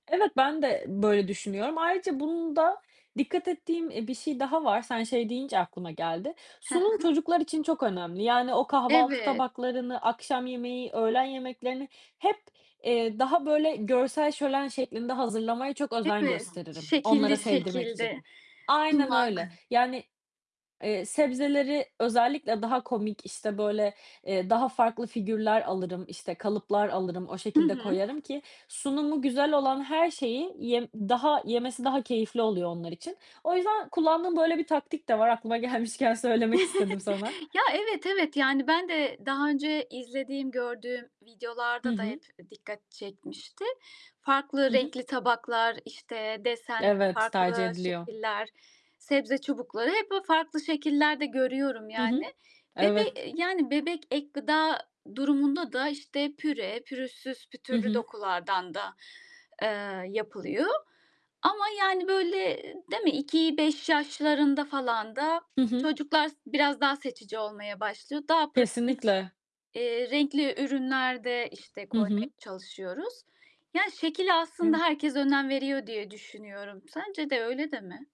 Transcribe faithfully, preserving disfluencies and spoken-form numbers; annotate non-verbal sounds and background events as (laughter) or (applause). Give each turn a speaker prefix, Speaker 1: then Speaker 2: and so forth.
Speaker 1: Evet, ben de böyle düşünüyorum. Ayrıca, bunda dikkat ettiğim, eee, bir şey daha var, sen şey deyince aklıma geldi.
Speaker 2: He he.
Speaker 1: Sunum çocuklar için çok önemli. Yani o kahvaltı
Speaker 2: Evet.
Speaker 1: tabaklarını, akşam yemeği, öğlen yemeklerini hep, eee, daha böyle görsel şölen şeklinde hazırlamaya çok özen
Speaker 2: Evet.
Speaker 1: gösteririm onlara
Speaker 2: Şekilli
Speaker 1: sevdirmek için.
Speaker 2: şekilde
Speaker 1: Aynen
Speaker 2: sunmak.
Speaker 1: öyle. Yani, eee, sebzeleri özellikle daha komik, işte, böyle, eee, daha farklı figürler alırım, işte, kalıplar alırım. O
Speaker 2: Hı
Speaker 1: şekilde
Speaker 2: hı.
Speaker 1: koyarım ki sunumu güzel olan her şeyi yem daha yemesi daha keyifli oluyor onlar için. O yüzden kullandığım böyle bir taktik de var aklıma gelmişken söylemek istedim sana.
Speaker 2: (chuckles) Ya, evet, evet. Yani ben de daha önce izlediğim, gördüğüm
Speaker 1: Hı
Speaker 2: videolarda da
Speaker 1: hı.
Speaker 2: hep dikkat çekmişti. Farklı
Speaker 1: Hı hı.
Speaker 2: renkli tabaklar, işte, desen
Speaker 1: Evet, tercih
Speaker 2: farklı
Speaker 1: ediliyor.
Speaker 2: şekiller, sebze çubukları... Hep böyle farklı şekillerde görüyorum
Speaker 1: Hı hı.
Speaker 2: yani. Ve
Speaker 1: Evet.
Speaker 2: de yani bebek ek gıda durumunda da, işte, püre, pürüzsüz
Speaker 1: Hı
Speaker 2: pütürlü
Speaker 1: hı.
Speaker 2: dokulardan da, eee, yapılıyor. Ama, yani, böyle, değil mi? iki beş yaşlarında falan da
Speaker 1: Hı hı.
Speaker 2: çocuklar biraz daha seçici olmaya başlıyor. Daha pratik,
Speaker 1: Kesinlikle.
Speaker 2: eee, renkli ürünler de, işte,
Speaker 1: Hı
Speaker 2: koymaya
Speaker 1: hı.
Speaker 2: çalışıyoruz. Ya, şekle aslında
Speaker 1: Eve
Speaker 2: herkes önem veriyor diye düşünüyorum. Sence de öyle değil mi?